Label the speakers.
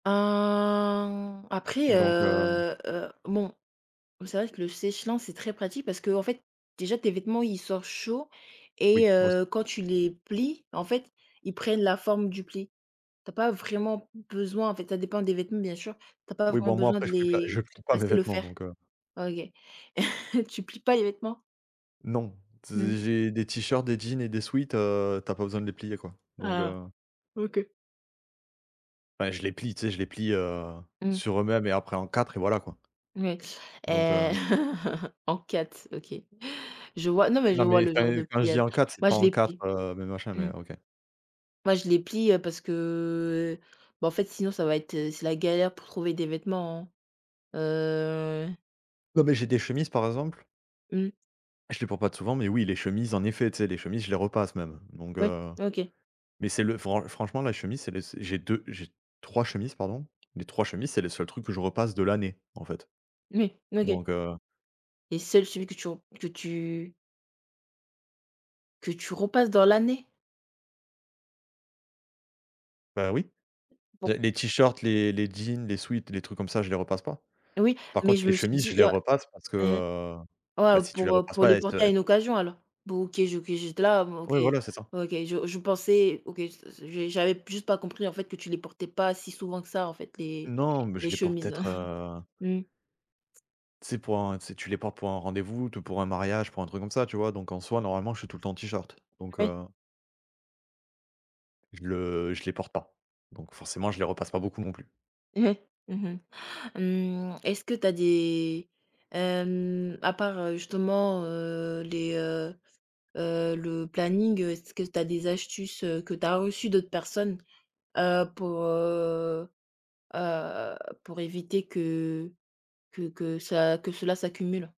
Speaker 1: Hein, après,
Speaker 2: Donc, heu
Speaker 1: heu, heu bon, c'est vrai que le sèche-linge, c'est très pratique parce que, en fait, déjà tes vêtements, il sort chaud et
Speaker 2: Oui aussi.
Speaker 1: heu, quand tu les plies, en fait, ils prennent la forme du pli. Tu as pas vraiment besoin, en fait, ça dépend des vêtements bien sûr, tu as pas
Speaker 2: Oui
Speaker 1: vraiment
Speaker 2: bon moi
Speaker 1: besoin
Speaker 2: après
Speaker 1: de
Speaker 2: je prie plat
Speaker 1: les
Speaker 2: je plie
Speaker 1: de
Speaker 2: pas mes
Speaker 1: passer le
Speaker 2: vêtements
Speaker 1: fer.
Speaker 2: donc, heu
Speaker 1: OK. Tu plies pas les vêtements?
Speaker 2: Non
Speaker 1: Mmh.
Speaker 2: z j'ai des t-shirts, des jeans et des sweats, heu, tu as pas besoin de les plier quoi. Donc,
Speaker 1: Ah
Speaker 2: heu
Speaker 1: OK.
Speaker 2: Bah je les plie, tu sais? Je les plie, heu,
Speaker 1: Mmh.
Speaker 2: sur eux-mêmes et après en 4 et voilà, quoi
Speaker 1: Mouis,
Speaker 2: donc,
Speaker 1: eh
Speaker 2: heu
Speaker 1: en 4, OK. Je vois, non mais je
Speaker 2: Non
Speaker 1: vois
Speaker 2: mais
Speaker 1: le genre
Speaker 2: enfin
Speaker 1: de
Speaker 2: quand je dis
Speaker 1: pliage.
Speaker 2: en 4 c'est
Speaker 1: Moi
Speaker 2: pas
Speaker 1: je
Speaker 2: en
Speaker 1: les
Speaker 2: 4
Speaker 1: plie,
Speaker 2: heu mais machin, mais
Speaker 1: mmh.
Speaker 2: OK.
Speaker 1: Moi je les plie, heu, parce que, heu, beh en fait sinon ça va être, c'est la galère pour trouver des vêtements, heu
Speaker 2: Non mais j'ai des chemises par exemple
Speaker 1: Mmh.
Speaker 2: je les porte pas t souvent mais oui, les chemises en effet. Tu sais, les chemises je les repasse même donc,
Speaker 1: Oui,
Speaker 2: heu
Speaker 1: OK.
Speaker 2: mais c'est le fran franchement la chemise c'est les s j'ai 2 j'ai 3 chemises pardon, les 3 chemises c'est le seul truc que je repasse de l'année en fait.
Speaker 1: Oui, OK.
Speaker 2: Donc, heu
Speaker 1: Et seul, celui que tu o que tu que tu repasses dans l'année?
Speaker 2: Bah oui,
Speaker 1: Bon.
Speaker 2: les les t-shirts, les les jeans, les sweats, les trucs comme ça, je les repasse pas.
Speaker 1: Oui,
Speaker 2: Par
Speaker 1: mais
Speaker 2: contre
Speaker 1: je
Speaker 2: les
Speaker 1: me suis
Speaker 2: chemises je
Speaker 1: dit,
Speaker 2: les
Speaker 1: heu
Speaker 2: repasse. Parce que,
Speaker 1: heu
Speaker 2: heu,
Speaker 1: ouais,
Speaker 2: bah
Speaker 1: heu,
Speaker 2: si tu les
Speaker 1: pour, heu,
Speaker 2: repasses
Speaker 1: pour
Speaker 2: pas,
Speaker 1: les
Speaker 2: elles se
Speaker 1: porter à
Speaker 2: heu
Speaker 1: une occasion alors. Bon OK, OK, j'ai d là, OK,
Speaker 2: Ouais voilà c'est ça.
Speaker 1: OK, je je pensais, OK s-s s j'avais juste pas compris en fait que tu les portais pas si souvent que ça, en fait les
Speaker 2: Non mais
Speaker 1: les
Speaker 2: je les porte
Speaker 1: chemises,
Speaker 2: peut-être, heu
Speaker 1: mmh.
Speaker 2: tu sais pour en tu sais tu les portes pour un rendez-vous, tout pour un mariage, pour un truc comme ça tu vois? Donc en soi normalement je suis tout le temps en t-shirt, donc,
Speaker 1: Ah ouais.
Speaker 2: heu je le je les porte pas. Donc forcément je les repasse pas beaucoup non plus.
Speaker 1: Ouais, mmh mh, mmh est-ce que tu as des, hem à part, heu, justement, heu, les, heu, heu le planning. Est-ce que tu as des astuces, heu, que tu as reçues d'autres personnes, heu, pour, heu, heu pour éviter que que que ça, que cela s'accumule?